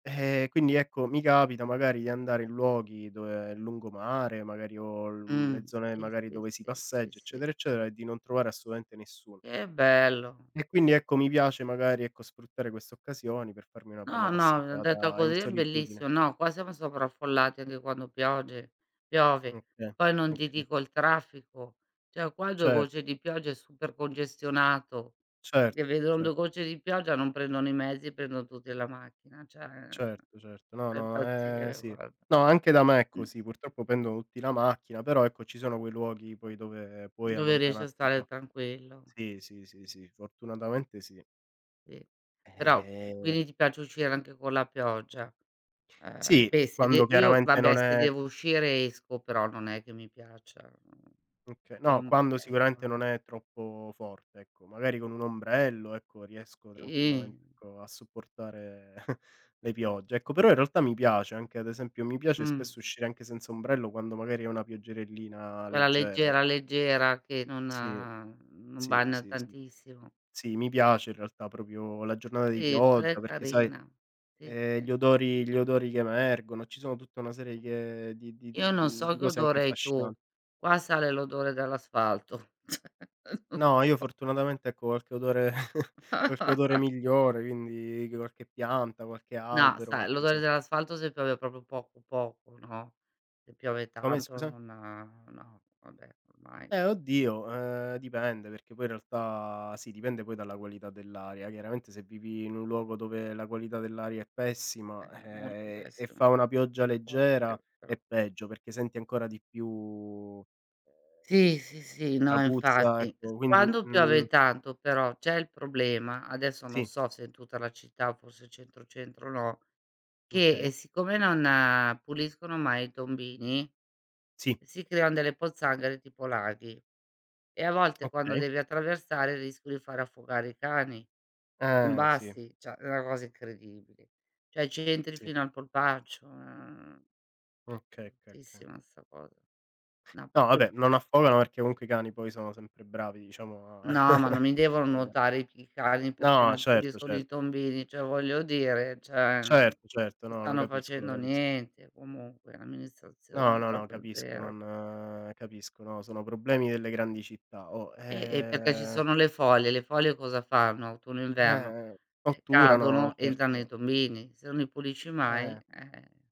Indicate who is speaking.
Speaker 1: Eh quindi ecco, mi capita magari di andare in luoghi dove il lungomare, magari o l mhmm, le
Speaker 2: Mhmm,
Speaker 1: zone
Speaker 2: sì,
Speaker 1: magari
Speaker 2: sì,
Speaker 1: dove si
Speaker 2: sì, sì,
Speaker 1: passeggia,
Speaker 2: sì.
Speaker 1: eccetera, eccetera e di non trovare assolutamente nessuno.
Speaker 2: Che bello.
Speaker 1: E quindi, ecco mi piace magari, ecco sfruttare queste occasioni, per farmi una bella
Speaker 2: No, no, detto
Speaker 1: passeggiata in
Speaker 2: così è
Speaker 1: solitudine.
Speaker 2: bellissimo. No qua siamo sovraffollati anche quando pioge piove.
Speaker 1: Okay,
Speaker 2: Poi non ti
Speaker 1: okay.
Speaker 2: dico il traffico, cioè qua 2
Speaker 1: Cer
Speaker 2: gocce di pioggia è super congestionato,
Speaker 1: Certo,
Speaker 2: che vedono
Speaker 1: cer
Speaker 2: 2 gocce di pioggia, non prendono i mezzi, prendono tutti la macchina, cioè
Speaker 1: Certo, certo. No,
Speaker 2: da
Speaker 1: no, è
Speaker 2: impazzire
Speaker 1: sì.
Speaker 2: guarda.
Speaker 1: No anche da me è
Speaker 2: Mh
Speaker 1: così, purtroppo pendono tutti la macchina, però ecco ci sono quei luoghi poi dove puoi
Speaker 2: Dove riesci a
Speaker 1: allontanarti un
Speaker 2: stare
Speaker 1: po'.
Speaker 2: tranquillo.
Speaker 1: Sì, sì, sì, sì, fortunatamente sì.
Speaker 2: Sì, però q
Speaker 1: Eh.
Speaker 2: quindi ti piace uscire anche con la pioggia. Eh
Speaker 1: Sì,
Speaker 2: beh, se de
Speaker 1: quando
Speaker 2: io
Speaker 1: chiaramente
Speaker 2: vabbè
Speaker 1: non
Speaker 2: se
Speaker 1: è
Speaker 2: devo uscire esco, però non è che mi piaccia, mhmm,
Speaker 1: Okay, no, quando
Speaker 2: l'ombrello,
Speaker 1: sicuramente
Speaker 2: ehm
Speaker 1: non è troppo forte, ecco, magari con un ombrello ecco, riesco
Speaker 2: Sì.
Speaker 1: tranquillamente ecco a supportare le piogge, ecco. Però in realtà mi piace, anche ad esempio, mi piace
Speaker 2: Mh.
Speaker 1: spesso uscire anche senza ombrello, quando magari è una pioggerellina
Speaker 2: Quella
Speaker 1: leggera.
Speaker 2: leggera, leggera, che non
Speaker 1: Sì,
Speaker 2: non
Speaker 1: sì,
Speaker 2: bagna
Speaker 1: sì, sì.
Speaker 2: tantissimo.
Speaker 1: Sì, mi piace in realtà proprio la giornata di
Speaker 2: Sì, quella è
Speaker 1: pioggia, perché sai,
Speaker 2: carina. Sì,
Speaker 1: ehm, gli
Speaker 2: sì.
Speaker 1: odori gli odori che emergono, ci sono tutta una serie che di di d
Speaker 2: Io non
Speaker 1: mhmm,
Speaker 2: so
Speaker 1: di
Speaker 2: che
Speaker 1: cose anche
Speaker 2: odore hai tu,
Speaker 1: affascinanti.
Speaker 2: qua sale l'odore dell'asfalto. non
Speaker 1: No, io
Speaker 2: so
Speaker 1: fortunatamente ecco, qualche odore qualche odore migliore, quindi qualche pianta, qualche
Speaker 2: No,
Speaker 1: albero,
Speaker 2: sai,
Speaker 1: qualche,
Speaker 2: l'odore
Speaker 1: insomma
Speaker 2: dell'asfalto se piove proprio poco, poco, no? Se piove
Speaker 1: Come
Speaker 2: tanto
Speaker 1: scusa?
Speaker 2: non no, vabbè ormai.
Speaker 1: Eh oddio, ehm, dipende, perché poi in realtà sì dipende poi dalla qualità dell'aria, chiaramente se vivi in un luogo dove la qualità dell'aria è pessima,
Speaker 2: Eh, molto
Speaker 1: eh, e
Speaker 2: pessimo.
Speaker 1: fa una pioggia leggera
Speaker 2: [unintelligible] però
Speaker 1: è peggio, perché senti ancora di più, ehm,
Speaker 2: Sì, sì, sì,
Speaker 1: la
Speaker 2: no
Speaker 1: puzza,
Speaker 2: infatti es
Speaker 1: ecco quindi,
Speaker 2: quando piove
Speaker 1: mhmm
Speaker 2: tanto però c'è il problema, adesso non
Speaker 1: Sì.
Speaker 2: so se è tutta la città, forse centro, centro no, che, ehm,
Speaker 1: Okay.
Speaker 2: siccome non puliscono mai i tombini
Speaker 1: Sì.
Speaker 2: si creano delle pozzanghere tipo laghi, e a volte quando
Speaker 1: Okay.
Speaker 2: devi attraversare rischio di far affogare i cani. Son
Speaker 1: Eh, sì.
Speaker 2: bassi, cioè è una cosa incredibile. Cioè, ci entri
Speaker 1: Sì.
Speaker 2: fino al polpaccio, ehm,
Speaker 1: Okay, okay, okay.
Speaker 2: bruttissima 'sta cosa.
Speaker 1: No vabbè,
Speaker 2: [unintelligible]
Speaker 1: non affogano, perché comunque i cani poi sono sempre bravi diciamo a
Speaker 2: No, ma non mi devono
Speaker 1: ehm
Speaker 2: nuotare, i p i cani perché
Speaker 1: No,
Speaker 2: non
Speaker 1: certo,
Speaker 2: puliscono i
Speaker 1: certo.
Speaker 2: tombini, cioè voglio dire cioè mhmm, non
Speaker 1: Certo, certo, no lo
Speaker 2: stanno
Speaker 1: capisco, lo
Speaker 2: facendo
Speaker 1: capisco.
Speaker 2: niente, comunque,
Speaker 1: No,
Speaker 2: l'amministrazione
Speaker 1: no, no,
Speaker 2: proprio
Speaker 1: capisco
Speaker 2: 0.
Speaker 1: non capisco no, sono problemi delle grandi città o,
Speaker 2: Eh, ehm, perché ci
Speaker 1: ehm
Speaker 2: sono le foglie, le foglie cosa fanno? Autunno, inverno,
Speaker 1: Eh
Speaker 2: ehm,
Speaker 1: otturano,
Speaker 2: cadono, entrano nei
Speaker 1: certo.
Speaker 2: tombini. Se non li pulisci mai,
Speaker 1: Eh.
Speaker 2: eh